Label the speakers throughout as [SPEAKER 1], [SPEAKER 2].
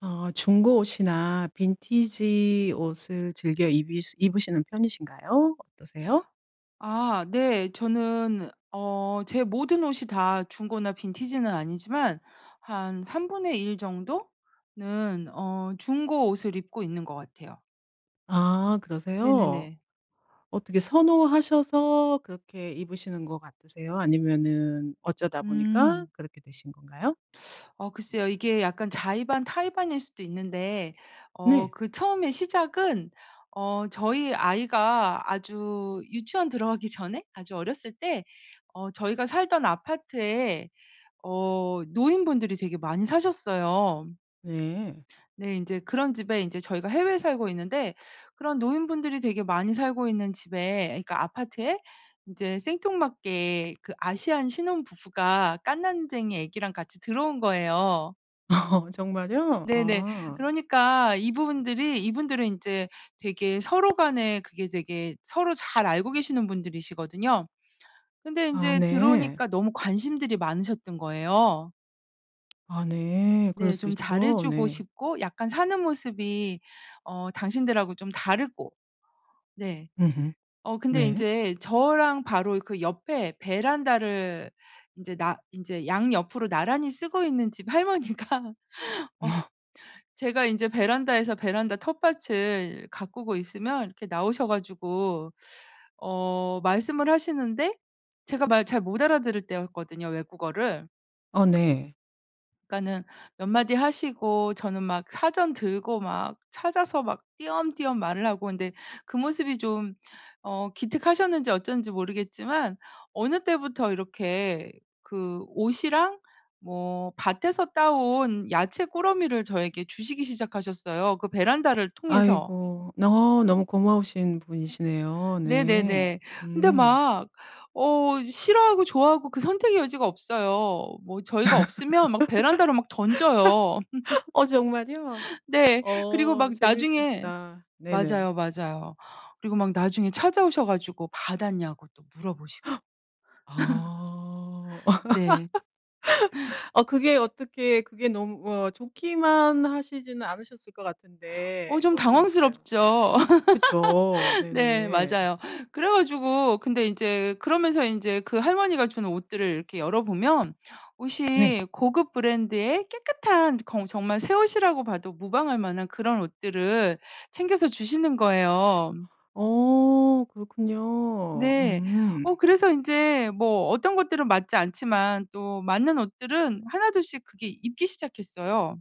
[SPEAKER 1] 어. 중고 옷이나 빈티지 옷을 즐겨 이비 입으시는 편이신가요? 어떠세요?
[SPEAKER 2] 아 네. 저는 어 제 모든 옷이 다 중고나 빈티지는 아니지만 한 3 분의 1 정도 는 어 중고 옷을 입고 있는 것 같아요.
[SPEAKER 1] 아 그러세요?
[SPEAKER 2] 네네네.
[SPEAKER 1] 어떻게 선호하셔서 그렇게 입으시는 것 같으세요? 아니면은 어쩌다 보니까
[SPEAKER 2] 음.
[SPEAKER 1] 그렇게 되신 건가요?
[SPEAKER 2] 어 글쎄요. 이게 약간 자의 반 타의 반일 수도 있는데 어
[SPEAKER 1] 네.
[SPEAKER 2] 그 처음에 시작은 어 저희 아이가 아주 유치원 들어가기 전에 아주 어렸을 때 어 저희가 살던 아파트에 어 노인분들이 되게 많이 사셨어요.
[SPEAKER 1] 네.
[SPEAKER 2] 네 인제 그런 집에 인제 저희가 해외에 살고 있는데 그런 노인분들이 되게 많이 살고 있는 집에 그러니까 아파트에 인제 생뚱맞게 그 아시안 신혼부부가 갓난쟁이 아기랑 같이 들어온 거예요.
[SPEAKER 1] 어허 정말요?
[SPEAKER 2] 네네
[SPEAKER 1] 아.
[SPEAKER 2] 그러니까 이분들이 이분들은 인제 되게 서로 간에 그게 되게 서로 잘 알고 계시는 분들이시거든요. 근데
[SPEAKER 1] 아
[SPEAKER 2] 인제
[SPEAKER 1] 네.
[SPEAKER 2] 들어오니까 너무 관심들이 많으셨던 거예요.
[SPEAKER 1] 아 네. 그럴
[SPEAKER 2] 네
[SPEAKER 1] 수
[SPEAKER 2] 좀 잘 해
[SPEAKER 1] 있죠.
[SPEAKER 2] 주고
[SPEAKER 1] 네.
[SPEAKER 2] 싶고 약간 사는 모습이 어 당신들하고 좀 다르고. 네
[SPEAKER 1] 으흠.
[SPEAKER 2] 어 근데
[SPEAKER 1] 네.
[SPEAKER 2] 인제 저랑 바로 그 옆에 베란다를 인제 나 인제 양옆으로 나란히 쓰고 있는 집 할머니가 어 제가 인제 베란다에서 베란다 텃밭을 가꾸고 있으면 이렇게 나오셔 가지고 어 말씀을 하시는데 제가 말 잘 못 알아들을 때였거든요 외국어를.
[SPEAKER 1] 어 네.
[SPEAKER 2] 그러니까는 몇 마디 하시고 저는 막 사전 들고 막 찾아서 막 띄엄띄엄 말을 하고 있는데 그 모습이 좀 어 기특하셨는지 어쩐지 모르겠지만 어느 때부터 이렇게 그 옷이랑 뭐 밭에서 따온 야채 꾸러미를 저에게 주시기 시작하셨어요 그 베란다를 통해서.
[SPEAKER 1] 아이고. 너 너무 고마우신 분이시네요. 네.
[SPEAKER 2] 네네네. 근데
[SPEAKER 1] 음.
[SPEAKER 2] 막 어 싫어하고 좋아하고 그 선택의 여지가 없어요. 뭐 저희가 없으면 막 베란다로 막 던져요.
[SPEAKER 1] 어 정말이요?
[SPEAKER 2] 네. 그리고
[SPEAKER 1] 어.
[SPEAKER 2] 막 나중에
[SPEAKER 1] 재밌으시다. 네네
[SPEAKER 2] 맞아요, 맞아요. 그리고 막 나중에 찾아오셔 가지고 받았냐고 또 물어보시고.
[SPEAKER 1] 아.
[SPEAKER 2] 네.
[SPEAKER 1] 어 그게 어떻게 그게 너무 뭐 좋기만 하시지는 않으셨을 거
[SPEAKER 2] 어
[SPEAKER 1] 같은데
[SPEAKER 2] 좀
[SPEAKER 1] 어떠셨어요?
[SPEAKER 2] 당황스럽죠.
[SPEAKER 1] 그쵸
[SPEAKER 2] 네
[SPEAKER 1] 네네.
[SPEAKER 2] 맞아요. 그래가지고 근데 인제 그러면서 인제 그 할머니가 준 옷들을 이렇게 열어보면
[SPEAKER 1] 네.
[SPEAKER 2] 옷이 고급 브랜드의 깨끗한 저 겅 저 정말 새 옷이라고 봐도 무방할 만한 그런 옷들을 챙겨서 주시는 거예요.
[SPEAKER 1] 어 그렇군요.
[SPEAKER 2] 네. 어
[SPEAKER 1] 음.
[SPEAKER 2] 그래서 인제 뭐 어떤 것들은 맞지 않지만 또 맞는 옷들은 1 2 씩 그게 입기 시작했어요.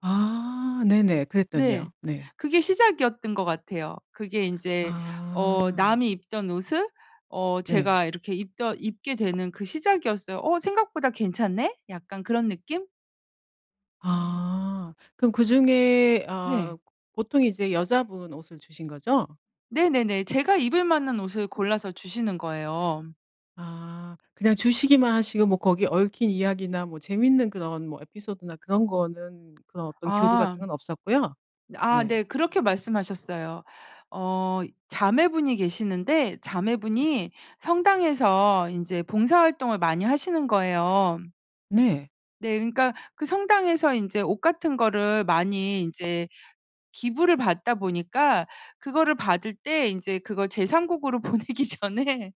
[SPEAKER 1] 아 네네
[SPEAKER 2] 네.
[SPEAKER 1] 그랬더니요. 네.
[SPEAKER 2] 그게 시작이었던 것 같아요. 그게 인제 어
[SPEAKER 1] 아.
[SPEAKER 2] 남이 입던 옷을 어
[SPEAKER 1] 네.
[SPEAKER 2] 제가 이렇게 입던 입게 되는 그 시작이었어요. "어 생각보다 괜찮네." 약간 그런 느낌?
[SPEAKER 1] 아. 그럼 그중에
[SPEAKER 2] 네.
[SPEAKER 1] 아 보통 이제 여자분 옷을 주신 거죠?
[SPEAKER 2] 네네네. 제가 입을 만한 옷을 골라서 주시는 거예요.
[SPEAKER 1] 아 그냥 주시기만 하시고 뭐 거기에 얽힌 이야기나 뭐 재밌는 그런 뭐 에피소드나 그런 거는 그런 어떤 교류
[SPEAKER 2] 아.
[SPEAKER 1] 같은 건 없었고요.
[SPEAKER 2] 아
[SPEAKER 1] 네.
[SPEAKER 2] 네. 그렇게 말씀하셨어요. 어 자매분이 계시는데 자매분이 성당에서 인제 봉사활동을 많이 하시는 거예요.
[SPEAKER 1] 네.
[SPEAKER 2] 네. 그러니까 그 성당에서 인제 옷 같은 거를 많이 인제 기부를 받다 보니까 그거를 받을 때 인제 그걸 제 3 국으로 보내기 전에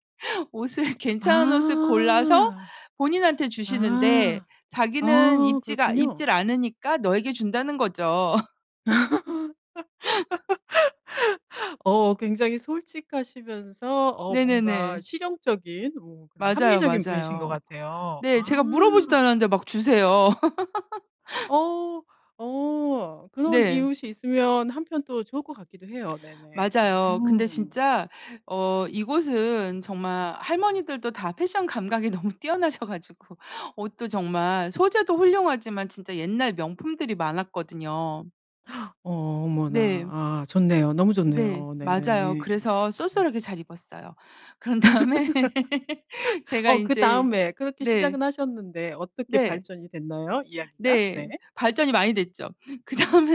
[SPEAKER 2] 옷을 괜찮은 옷을 골라서
[SPEAKER 1] 아.
[SPEAKER 2] 본인한테 주시는데
[SPEAKER 1] 아.
[SPEAKER 2] 자기는
[SPEAKER 1] 아
[SPEAKER 2] "입지가
[SPEAKER 1] 그렇군요.
[SPEAKER 2] 입지를 않으니까 너에게 준다."는 거죠.
[SPEAKER 1] 어 굉장히 솔직하시면서 어 뭔가
[SPEAKER 2] 네네네.
[SPEAKER 1] 실용적인 뭔가
[SPEAKER 2] 맞아요.
[SPEAKER 1] 합리적인 분이신 것
[SPEAKER 2] 맞아요.
[SPEAKER 1] 같아요.
[SPEAKER 2] 네.
[SPEAKER 1] 아.
[SPEAKER 2] 제가 물어보지도 않았는데 막 주세요.
[SPEAKER 1] 어. 어 그런
[SPEAKER 2] 네.
[SPEAKER 1] 이웃이 있으면 한편 또 좋을 것 같기도 해요. 네네.
[SPEAKER 2] 맞아요. 근데
[SPEAKER 1] 음.
[SPEAKER 2] 진짜 어 이곳은 정말 할머니들도 다 패션 감각이 너무 뛰어나셔 가지고 옷도 정말 소재도 훌륭하지만 진짜 옛날 명품들이 많았거든요.
[SPEAKER 1] 어머나
[SPEAKER 2] 네.
[SPEAKER 1] 아 좋네요. 너무
[SPEAKER 2] 네.
[SPEAKER 1] 좋네요.
[SPEAKER 2] 맞아요.
[SPEAKER 1] 네네.
[SPEAKER 2] 그래서
[SPEAKER 1] 음.
[SPEAKER 2] 쏠쏠하게 잘 입었어요. 그런 다음에 제가
[SPEAKER 1] 어
[SPEAKER 2] 인제
[SPEAKER 1] 그다음에 그렇게
[SPEAKER 2] 네.
[SPEAKER 1] 시작은 하셨는데 어떻게
[SPEAKER 2] 네.
[SPEAKER 1] 발전이 됐나요? 이야기가
[SPEAKER 2] 네.
[SPEAKER 1] 네.
[SPEAKER 2] 발전이 많이 됐죠.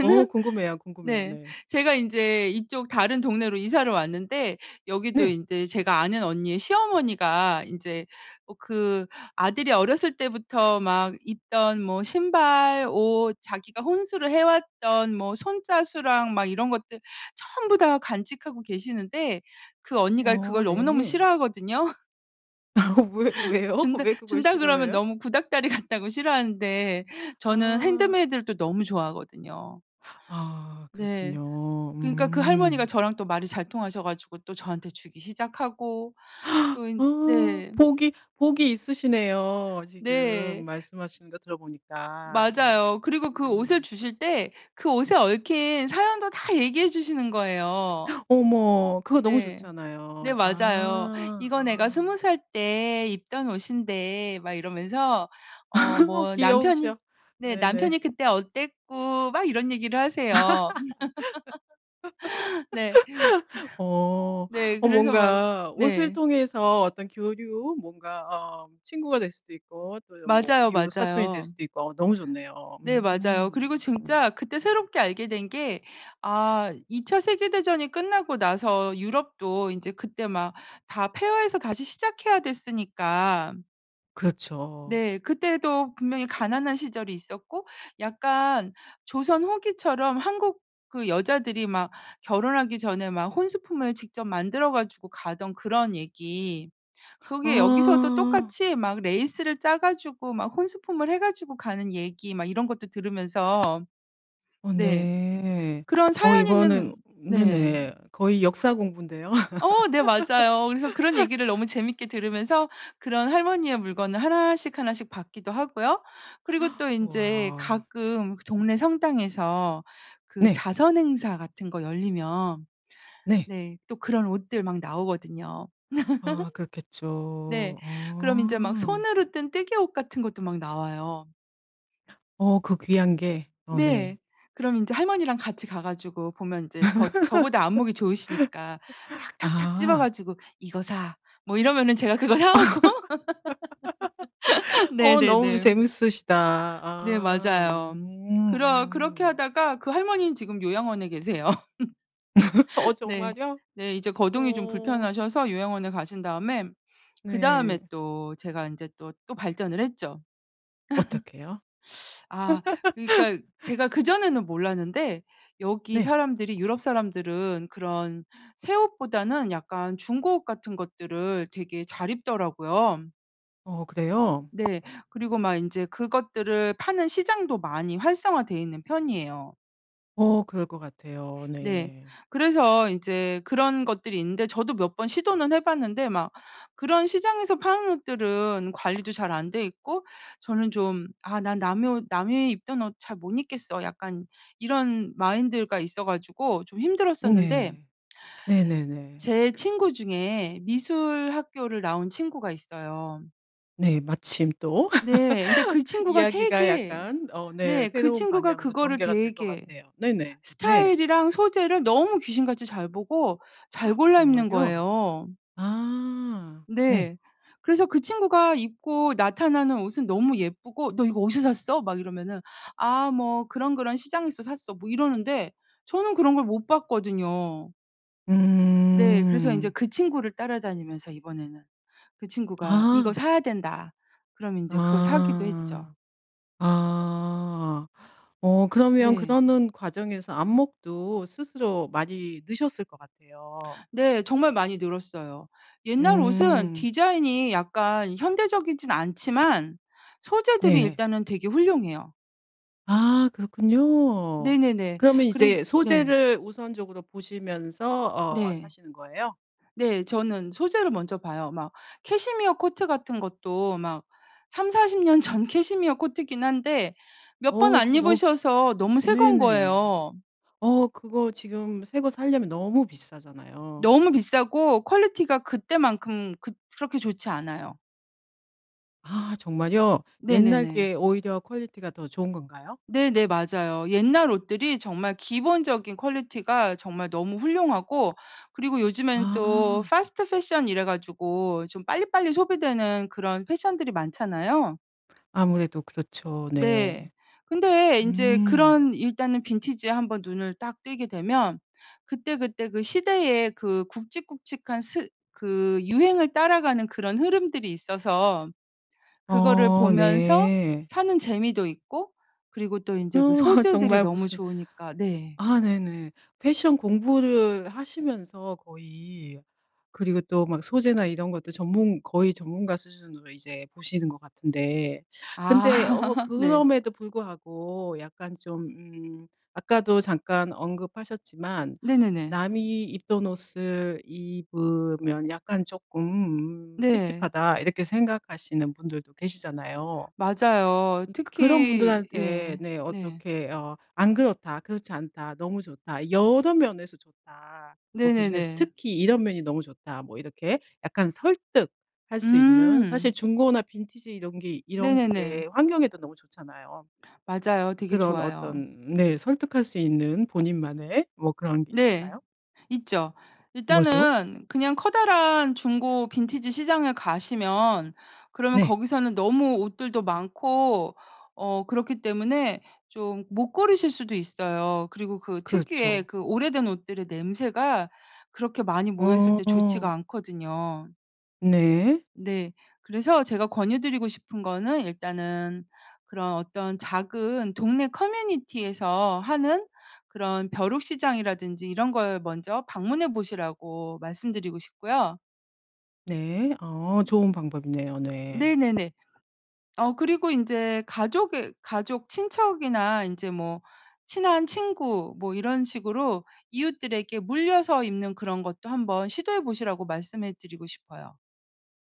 [SPEAKER 1] 어 궁금해요. 궁금해요.
[SPEAKER 2] 네.
[SPEAKER 1] 네.
[SPEAKER 2] 제가 인제 이쪽 다른 동네로 이사를 왔는데 여기도
[SPEAKER 1] 네.
[SPEAKER 2] 인제 제가 아는 언니의 시어머니가 인제 어 그 아들이 어렸을 때부터 막 입던 뭐 신발. 옷 자기가 혼수를 해.왔던 뭐 손 자수랑 막 이런 것들 전부 다 간직하고 계시는데 그 언니가
[SPEAKER 1] 어
[SPEAKER 2] 그걸 너무너무
[SPEAKER 1] 네.
[SPEAKER 2] 싫어하거든요.
[SPEAKER 1] 어 왜 왜요?
[SPEAKER 2] 준다
[SPEAKER 1] 왜 그걸
[SPEAKER 2] 준다 그러면
[SPEAKER 1] 싫어해요?
[SPEAKER 2] 너무 구닥다리 같다고 싫어하는데 저는
[SPEAKER 1] 아.
[SPEAKER 2] 핸드메이드를 또 너무 좋아하거든요.
[SPEAKER 1] 아
[SPEAKER 2] 네.
[SPEAKER 1] 그렇군요.
[SPEAKER 2] 그니까 그 할머니가
[SPEAKER 1] 음.
[SPEAKER 2] 저랑 또 말이 잘 통하셔 가지고 또 저한테 주기 시작하고 또 인
[SPEAKER 1] 어
[SPEAKER 2] 네.
[SPEAKER 1] 복이 복이 있으시네요. 지금
[SPEAKER 2] 네.
[SPEAKER 1] 말씀하시는 거 들어보니까
[SPEAKER 2] 맞아요. 그리고 그 옷을
[SPEAKER 1] 음.
[SPEAKER 2] 주실 때 그 옷에 얽힌 사연도 다 얘기해 주시는 거예요.
[SPEAKER 1] 어머 그거 너무
[SPEAKER 2] 네. 네
[SPEAKER 1] 좋잖아요.
[SPEAKER 2] 맞아요.
[SPEAKER 1] 아
[SPEAKER 2] "이거 내가
[SPEAKER 1] 아.
[SPEAKER 2] 20 살 때 입던 옷인데." 막 이러면서 어
[SPEAKER 1] 어
[SPEAKER 2] 뭐 "남편이."
[SPEAKER 1] 귀여우셔.
[SPEAKER 2] 네.
[SPEAKER 1] 네네.
[SPEAKER 2] "남편이 그때 어땠고." 막 이런 얘기를 하세요. 네. 그래서
[SPEAKER 1] 어.
[SPEAKER 2] 네.
[SPEAKER 1] 어
[SPEAKER 2] 그래서 막
[SPEAKER 1] 뭔가 옷을
[SPEAKER 2] 네.
[SPEAKER 1] 통해서 어떤 교류 뭔가 어 친구가 될 수도 있고 또는 뭐
[SPEAKER 2] 맞아요.
[SPEAKER 1] 이웃사촌이 될
[SPEAKER 2] 맞아요.
[SPEAKER 1] 수도 있고 너무 좋네요.
[SPEAKER 2] 네 맞아요.
[SPEAKER 1] 음.
[SPEAKER 2] 그리고
[SPEAKER 1] 음.
[SPEAKER 2] 진짜 그때 새롭게 알게 된 게 아 2 차 세계대전이 끝나고 나서 유럽도 인제 그때 막 다 폐허에서 다시 시작해야 됐으니까
[SPEAKER 1] 그렇죠.
[SPEAKER 2] 네. 그때도 분명히 가난한 시절이 있었고 약간 조선 후기처럼 한국 그 여자들이 막 결혼하기 전에 막 혼수품을 직접 만들어 가지고 가던 그런 얘기 그게 여기서도
[SPEAKER 1] 아.
[SPEAKER 2] 똑같이 막 레이스를 짜 가지고 막 혼수품을 해 가지고 가는 얘기 막 이런 것도 들으면서
[SPEAKER 1] 어
[SPEAKER 2] 네
[SPEAKER 1] 네.
[SPEAKER 2] 그런
[SPEAKER 1] 어
[SPEAKER 2] 사연 있는
[SPEAKER 1] 이거는
[SPEAKER 2] 네.
[SPEAKER 1] 네네. 거의 역사 공부인데요.
[SPEAKER 2] 어 네 맞아요. 그래서 그런 얘기를 너무 재밌게 들으면서 그런 할머니의 물건을 1 씩 1 씩 받기도 하고요. 그리고 또 인제
[SPEAKER 1] 와우.
[SPEAKER 2] 가끔 그 동네 성당에서 그
[SPEAKER 1] 네.
[SPEAKER 2] 자선 행사 같은 거 열리면
[SPEAKER 1] 네.
[SPEAKER 2] 네 또 그런 옷들 막 나오거든요.
[SPEAKER 1] 아
[SPEAKER 2] 네.
[SPEAKER 1] 그렇겠죠.
[SPEAKER 2] 그럼 인제 막
[SPEAKER 1] 어.
[SPEAKER 2] 손으로 뜬 뜨게 옷 같은 것도 막 나와요.
[SPEAKER 1] 어 그 귀한 게. 어 네.
[SPEAKER 2] 네. 그럼 인제 할머니랑 같이 가 가지고 보면 인제 더 저보다 안목이 좋으시니까 탁탁탁 집어
[SPEAKER 1] 아.
[SPEAKER 2] 가지고 "이거 사." 뭐 이러면은 제가 그거 사 오고
[SPEAKER 1] 어 너무
[SPEAKER 2] 네네네.
[SPEAKER 1] 재밌으시다.
[SPEAKER 2] 네.
[SPEAKER 1] 아
[SPEAKER 2] 맞아요.
[SPEAKER 1] 음.
[SPEAKER 2] 그러 그렇게
[SPEAKER 1] 음.
[SPEAKER 2] 하다가 그 할머니는 지금 요양원에 계세요.
[SPEAKER 1] 어
[SPEAKER 2] 네.
[SPEAKER 1] 정말이요?
[SPEAKER 2] 네. 이제 거동이 좀
[SPEAKER 1] 어.
[SPEAKER 2] 불편하셔서 요양원에 가신 다음에 그다음에
[SPEAKER 1] 네.
[SPEAKER 2] 또 제가 인제 또, 또 발전을 했죠.
[SPEAKER 1] 어떻게요?
[SPEAKER 2] 아 그러니까 제가 그전에는 몰랐는데 여기
[SPEAKER 1] 네.
[SPEAKER 2] 사람들이 유럽 사람들은 그런 새 옷보다는 약간 중고 옷 같은 것들을 되게 잘 입더라고요.
[SPEAKER 1] 어 그래요?
[SPEAKER 2] 네. 그리고 막 인제 그것들을 파는 시장도 많이 활성화돼 있는 편이에요.
[SPEAKER 1] 어 그럴 것 같아요.
[SPEAKER 2] 네.
[SPEAKER 1] 네.
[SPEAKER 2] 그래서 이제 그런 것들이 있는데 저도 몇 번 시도는 해 봤는데 막 그런 시장에서 파는 옷들은 관리도 잘 안 되어 있고 저는 좀 '아 난 남의 옷 남이 입던 옷 잘 못 입겠어.' 약간 이런 마인드가 있어 가지고 좀
[SPEAKER 1] 음
[SPEAKER 2] 힘들었었는데
[SPEAKER 1] 예. 네네네.
[SPEAKER 2] 제 친구 중에 미술 학교를 나온 친구가 있어요.
[SPEAKER 1] 네 마침 또
[SPEAKER 2] 네. 근데 그 친구가
[SPEAKER 1] 이야기가
[SPEAKER 2] 되게
[SPEAKER 1] 약간 어 네
[SPEAKER 2] 네 그
[SPEAKER 1] 새로운
[SPEAKER 2] 친구가
[SPEAKER 1] 방향으로
[SPEAKER 2] 그거를
[SPEAKER 1] 전개가 될 것
[SPEAKER 2] 되게
[SPEAKER 1] 같아요. 네네. 네.
[SPEAKER 2] 스타일이랑 소재를 너무 귀신같이 잘 보고 잘 골라 입는
[SPEAKER 1] 정말요?
[SPEAKER 2] 거예요.
[SPEAKER 1] 아. 네.
[SPEAKER 2] 네. 그래서 그 친구가 입고 나타나는 옷은 너무 예쁘고 "너 이거 어디서 샀어?" 막 이러면은 "아 뭐 그런, 그런 시장에서 샀어." 뭐 이러는데 저는 그런 걸 못 봤거든요. 네. 그래서 인제
[SPEAKER 1] 음.
[SPEAKER 2] 그 친구를 따라다니면서 이번에는 그 친구가 "이거
[SPEAKER 1] 아.
[SPEAKER 2] 사야 된다." 그러면 인제 그거 사기도
[SPEAKER 1] 아.
[SPEAKER 2] 했죠.
[SPEAKER 1] 아. 어 그러면
[SPEAKER 2] 네.
[SPEAKER 1] 그러는 과정에서 안목도 스스로 많이 느셨을 것 같아요.
[SPEAKER 2] 네. 정말 많이 늘었어요. 옛날 옷은
[SPEAKER 1] 음.
[SPEAKER 2] 디자인이 약간 현대적이지는 않지만 소재들이
[SPEAKER 1] 네.
[SPEAKER 2] 일단은 되게 훌륭해요.
[SPEAKER 1] 아. 그렇군요.
[SPEAKER 2] 네네네.
[SPEAKER 1] 그러면
[SPEAKER 2] 그래
[SPEAKER 1] 이제
[SPEAKER 2] 네.
[SPEAKER 1] 소재를 우선적으로 보시면서 어
[SPEAKER 2] 네.
[SPEAKER 1] 사시는 거예요?
[SPEAKER 2] 네. 저는 소재를 먼저 봐요 막. 캐시미어 코트 같은 것도 막 30-40 년 전 캐시미어 코트이긴 한데 몇 번
[SPEAKER 1] 어.
[SPEAKER 2] 안
[SPEAKER 1] 그거 너무
[SPEAKER 2] 입으셔서 너무
[SPEAKER 1] 으
[SPEAKER 2] 새 거인
[SPEAKER 1] 네네.
[SPEAKER 2] 거예요.
[SPEAKER 1] 어 그거 지금 새 거 사려면 너무 비싸잖아요.
[SPEAKER 2] 너무 비싸고 퀄리티가 그때만큼 그 그렇게 좋지 않아요.
[SPEAKER 1] 아. 정말요? 옛날
[SPEAKER 2] 네네네.
[SPEAKER 1] 게 오히려 퀄리티가 더 좋은 건가요?
[SPEAKER 2] 네네 맞아요. 옛날 옷들이 정말 기본적인 퀄리티가 정말 너무 훌륭하고 그리고 요즘에는 또
[SPEAKER 1] 아.
[SPEAKER 2] 패스트 패션 이래 가지고 좀 빨리빨리 소비되는 그런 패션들이 많잖아요.
[SPEAKER 1] 아무래도 그렇죠.
[SPEAKER 2] 네.
[SPEAKER 1] 네.
[SPEAKER 2] 근데 인제
[SPEAKER 1] 음.
[SPEAKER 2] 그런 일단은 빈티지에 한번 눈을 딱 뜨게 되면 그때그때 그 시대의 그 굵직굵직한 스 그 유행을 따라가는 그런 흐름들이 있어서 그거를
[SPEAKER 1] 어.
[SPEAKER 2] 보면서
[SPEAKER 1] 네.
[SPEAKER 2] 사는 재미도 있고 그리고 또
[SPEAKER 1] 어.
[SPEAKER 2] 인제 소재들이
[SPEAKER 1] 정말
[SPEAKER 2] 너무
[SPEAKER 1] 무슨
[SPEAKER 2] 좋으니까 네.
[SPEAKER 1] 아 네네. 패션 공부를 하시면서 거의 그리고 또 막 소재나 이런 것도 전문 거의 전문가 수준으로 이제 보시는 것 같은데. 근데 어
[SPEAKER 2] 아. 네.
[SPEAKER 1] 그럼에도 불구하고 약간 좀 음 아까도 잠깐 언급하셨지만
[SPEAKER 2] 네네네.
[SPEAKER 1] 남이 입던 옷을 입으면 약간 쪼끔 음
[SPEAKER 2] 네.
[SPEAKER 1] '찝찝하다.' 이렇게 생각하시는 분들도 계시잖아요. 음
[SPEAKER 2] 맞아요.
[SPEAKER 1] 그 그런
[SPEAKER 2] 특히
[SPEAKER 1] 분들한테
[SPEAKER 2] 예.
[SPEAKER 1] 네
[SPEAKER 2] 네.
[SPEAKER 1] 어떻게 어 "안 그렇다. 그렇지 않다. 너무 좋다. 여러 면에서 좋다. 뭐 그중에서
[SPEAKER 2] 네네네.
[SPEAKER 1] 특히 이런 면이 너무 좋다." 뭐 이렇게 약간 설득할 수 있는
[SPEAKER 2] 음.
[SPEAKER 1] 사실 중고나 빈티지 이런 게 이런
[SPEAKER 2] 네네네.
[SPEAKER 1] 게 환경에도 너무 좋잖아요.
[SPEAKER 2] 맞아요. 되게
[SPEAKER 1] 그런
[SPEAKER 2] 좋아요.
[SPEAKER 1] 어떤 네 설득할 수 있는 본인만의 뭐 그런 게
[SPEAKER 2] 네.
[SPEAKER 1] 있을까요?
[SPEAKER 2] 있죠.
[SPEAKER 1] 뭐죠?
[SPEAKER 2] 일단은 그냥 커다란 중고 빈티지 시장에 가시면 그러면
[SPEAKER 1] 네.
[SPEAKER 2] 거기서는 너무 옷들도 많고 어 그렇기 때문에 좀 못 고르실 수도 있어요. 그리고 그 특유의
[SPEAKER 1] 그렇죠.
[SPEAKER 2] 그 오래된 옷들의 냄새가 그렇게 많이 모여 있을
[SPEAKER 1] 어.
[SPEAKER 2] 때 좋지가
[SPEAKER 1] 어.
[SPEAKER 2] 않거든요.
[SPEAKER 1] 네.
[SPEAKER 2] 네. 그래서 제가 권유드리고 싶은 거는 일단은 그런 어떤 작은 동네 커뮤니티에서 하는 그런 벼룩시장이라든지 이런 걸 먼저 방문해 보시라고 말씀드리고 싶고요.
[SPEAKER 1] 네. 어 좋은 방법이네요. 네.
[SPEAKER 2] 네네네. 어 그리고 인제 가족의 가족 친척이나 인제 뭐 친한 친구 뭐 이런 식으로 이웃들에게 물려서 입는 그런 것도 한번 시도해 보시라고 말씀해 드리고 싶어요.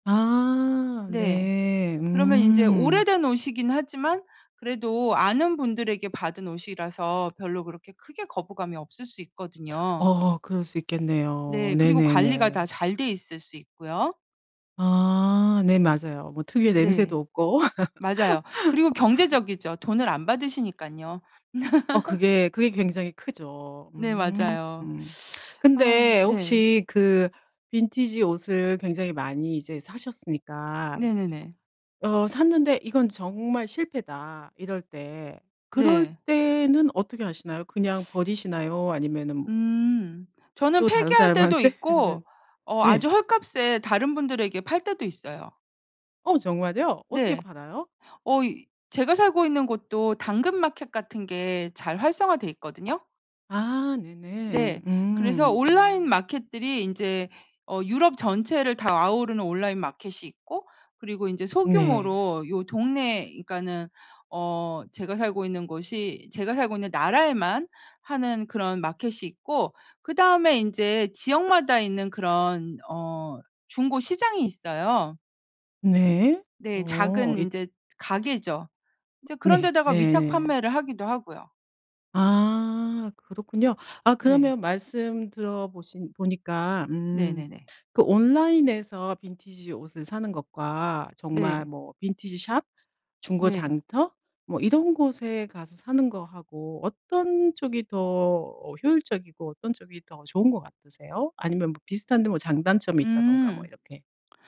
[SPEAKER 1] 아.
[SPEAKER 2] 네.
[SPEAKER 1] 네.
[SPEAKER 2] 그러면 인제
[SPEAKER 1] 음.
[SPEAKER 2] 오래된 옷이긴 하지만 그래도 아는 분들에게 받은 옷이라서 별로 그렇게 크게 거부감이 없을 수 있거든요.
[SPEAKER 1] 어어. 그럴 수 있겠네요.
[SPEAKER 2] 네. 그리고 관리가 다
[SPEAKER 1] 네네네.
[SPEAKER 2] 잘 돼 있을 수 있고요.
[SPEAKER 1] 아. 네 맞아요. 뭐 특유의
[SPEAKER 2] 네.
[SPEAKER 1] 냄새도 없고.
[SPEAKER 2] 맞아요. 그리고 경제적이죠. 돈을 안 받으시니깐요.
[SPEAKER 1] 어 그게 그게 굉장히 크죠.
[SPEAKER 2] 네
[SPEAKER 1] 음.
[SPEAKER 2] 맞아요. 아
[SPEAKER 1] 근데
[SPEAKER 2] 네.
[SPEAKER 1] 혹시 그 빈티지 옷을 굉장히 많이 이제 사셨으니까
[SPEAKER 2] 네네네.
[SPEAKER 1] 어 샀는데 '이건 정말 실패다.' 이럴 때 그럴
[SPEAKER 2] 네.
[SPEAKER 1] 때는 어떻게 하시나요? 그냥 버리시나요 아니면은 뭐
[SPEAKER 2] 음. 저는
[SPEAKER 1] 또 다른
[SPEAKER 2] 폐기할 때도 있고
[SPEAKER 1] 사람한테는
[SPEAKER 2] 어
[SPEAKER 1] 네.
[SPEAKER 2] 아주 헐값에 다른 분들에게 팔 때도 있어요.
[SPEAKER 1] 어 정말요? 어떻게
[SPEAKER 2] 네.
[SPEAKER 1] 팔아요?
[SPEAKER 2] 어 이 제가 살고 있는 곳도 당근마켓 같은 게 잘 활성화돼 있거든요.
[SPEAKER 1] 아.
[SPEAKER 2] 네.
[SPEAKER 1] 네네.
[SPEAKER 2] 그래서
[SPEAKER 1] 음
[SPEAKER 2] 온라인
[SPEAKER 1] 음.
[SPEAKER 2] 마켓들이 인제 어 유럽 전체를 다 아우르는 온라인 마켓이 있고 그리고 인제
[SPEAKER 1] 네.
[SPEAKER 2] 소규모로 요 동네 그러니까는 어 제가 살고 있는 곳이 제가 살고 있는 나라에만 하는 그런 마켓이 있고 그다음에 인제 지역마다 있는 그런 어 중고 시장이 있어요.
[SPEAKER 1] 네.
[SPEAKER 2] 네.
[SPEAKER 1] 어
[SPEAKER 2] 작은
[SPEAKER 1] 이
[SPEAKER 2] 인제 가게죠. 인제 그런
[SPEAKER 1] 네.
[SPEAKER 2] 데다가
[SPEAKER 1] 네.
[SPEAKER 2] 위탁판매를 하기도 하고요.
[SPEAKER 1] 아. 그렇군요. 아
[SPEAKER 2] 네.
[SPEAKER 1] 그러면 말씀 들어 보신 보니까 음
[SPEAKER 2] 네네네.
[SPEAKER 1] 그 온라인에서 빈티지 옷을 사는 것과 정말
[SPEAKER 2] 네.
[SPEAKER 1] 뭐 빈티지 숍, 중고
[SPEAKER 2] 네.
[SPEAKER 1] 장터 뭐 이런 곳에 가서 사는 거하고 어떤 쪽이 더 어 효율적이고 어떤 쪽이 더 좋은 것 같으세요? 아니면 뭐 비슷한데 뭐 장단점이 있다든가 뭐
[SPEAKER 2] 음.
[SPEAKER 1] 이렇게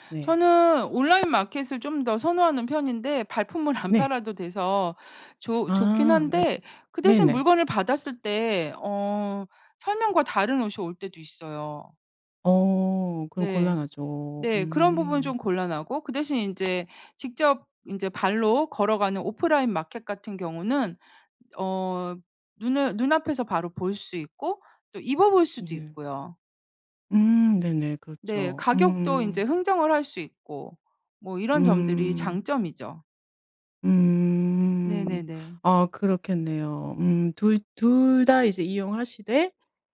[SPEAKER 1] 네.
[SPEAKER 2] 저는 온라인 마켓을 좀 더 선호하는 편인데 발품을 안
[SPEAKER 1] 네.
[SPEAKER 2] 팔아도 돼서 조 좋긴
[SPEAKER 1] 아. 네.
[SPEAKER 2] 한데 그 대신
[SPEAKER 1] 네네.
[SPEAKER 2] 물건을 받았을 때 어 설명과 다른 옷이 올 때도 있어요.
[SPEAKER 1] 어. 그럼
[SPEAKER 2] 네.
[SPEAKER 1] 곤란하죠.
[SPEAKER 2] 네 그런 부분은
[SPEAKER 1] 음.
[SPEAKER 2] 좀 곤란하고 그 대신 인제 직접 인제 발로 걸어가는 오프라인 마켓 같은 경우는 어 눈을 눈앞에서 바로 볼 수 있고 또 입어 볼 수도
[SPEAKER 1] 으네.
[SPEAKER 2] 있고요.
[SPEAKER 1] 음. 네네
[SPEAKER 2] 네.
[SPEAKER 1] 그렇죠.
[SPEAKER 2] 가격도 인제
[SPEAKER 1] 음.
[SPEAKER 2] 흥정을 할 수 있고 뭐 이런 점들이
[SPEAKER 1] 음.
[SPEAKER 2] 장점이죠.
[SPEAKER 1] 음.
[SPEAKER 2] 네네네.
[SPEAKER 1] 어 그렇겠네요. 음 2- 2 다 이제 이용하시되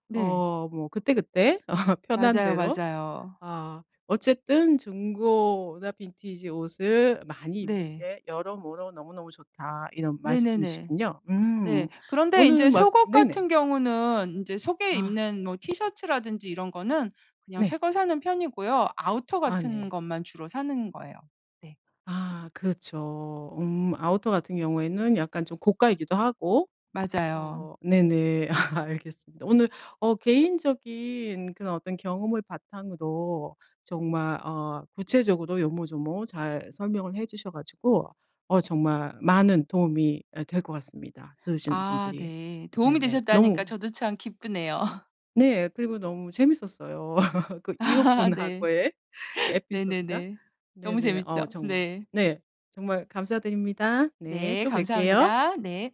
[SPEAKER 2] 네.
[SPEAKER 1] 어 뭐 그때그때 편한
[SPEAKER 2] 맞아요,
[SPEAKER 1] 대로
[SPEAKER 2] 맞아요.
[SPEAKER 1] 어 어쨌든 "중고나 빈티지 옷을 많이 입는
[SPEAKER 2] 네.
[SPEAKER 1] 게 여러모로 너무너무 좋다." 이런
[SPEAKER 2] 네네네.
[SPEAKER 1] 말씀이시군요.
[SPEAKER 2] 네.
[SPEAKER 1] 음.
[SPEAKER 2] 그런데
[SPEAKER 1] 어느
[SPEAKER 2] 인제
[SPEAKER 1] 막
[SPEAKER 2] 속옷
[SPEAKER 1] 네네.
[SPEAKER 2] 같은 경우는 인제 속에
[SPEAKER 1] 아.
[SPEAKER 2] 입는 뭐 티셔츠라든지 이런 거는 그냥
[SPEAKER 1] 네.
[SPEAKER 2] 새 걸 사는 편이고요. 아우터
[SPEAKER 1] 아
[SPEAKER 2] 같은
[SPEAKER 1] 네.
[SPEAKER 2] 것만 주로 사는 거예요. 네.
[SPEAKER 1] 아. 그렇죠. 음 아우터 같은 경우에는 약간 좀 고가이기도 하고
[SPEAKER 2] 맞아요.
[SPEAKER 1] 어 네네. 알겠습니다. 오늘 어 개인적인 그런 어떤 경험을 바탕으로 정말 어 구체적으로 요모조모 잘 설명을 해 주셔 가지고 어 정말 많은 도움이 예 될 것 같습니다, 들으시는
[SPEAKER 2] 아
[SPEAKER 1] 분들이.
[SPEAKER 2] 네. 도움이
[SPEAKER 1] 네네.
[SPEAKER 2] 되셨다니까
[SPEAKER 1] 너무
[SPEAKER 2] 저도 참 기쁘네요.
[SPEAKER 1] 네. 그리고 너무 재미있었어요. 그
[SPEAKER 2] 네.
[SPEAKER 1] 이웃분하고의 그 에피소드가.
[SPEAKER 2] 네네네. 너무
[SPEAKER 1] 네네.
[SPEAKER 2] 재미있죠?
[SPEAKER 1] 어 정말
[SPEAKER 2] 네.
[SPEAKER 1] 네. 정말 감사드립니다. 네.
[SPEAKER 2] 네.
[SPEAKER 1] 또 뵐게요.
[SPEAKER 2] 감사합니다. 네.